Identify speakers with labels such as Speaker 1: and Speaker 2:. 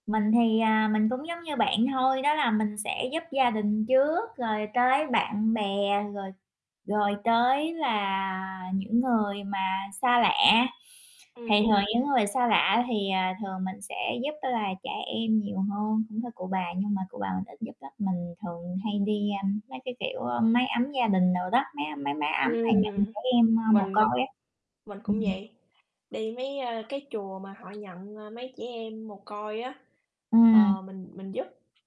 Speaker 1: Mình thì, à, mình cũng giống như bạn thôi, đó là mình sẽ giúp gia đình trước, rồi tới bạn bè, rồi rồi tới là những người mà xa lạ. Thì
Speaker 2: Ừm.
Speaker 1: thường những người xa lạ thì, à, thường mình sẽ giúp á là trẻ em nhiều hơn, [unintelligible] cụ bà nhưng mà cụ bà mình ít giúp lắm, mình thường hay đi, a, mấy cái, kiểu, ơ, mái ấm gia đình đồ đó, mái âm mái mái ấm mà nhận
Speaker 2: Ừm,
Speaker 1: trẻ em, ơ, mồ
Speaker 2: mình
Speaker 1: côi á.
Speaker 2: mình cũng
Speaker 1: Ừm.
Speaker 2: vậy, đi mấy, ơ, cái chùa mà họ nhận, ờ, mấy trẻ em mồ côi á,
Speaker 1: Ừm.
Speaker 2: ờ, mình mình giúp.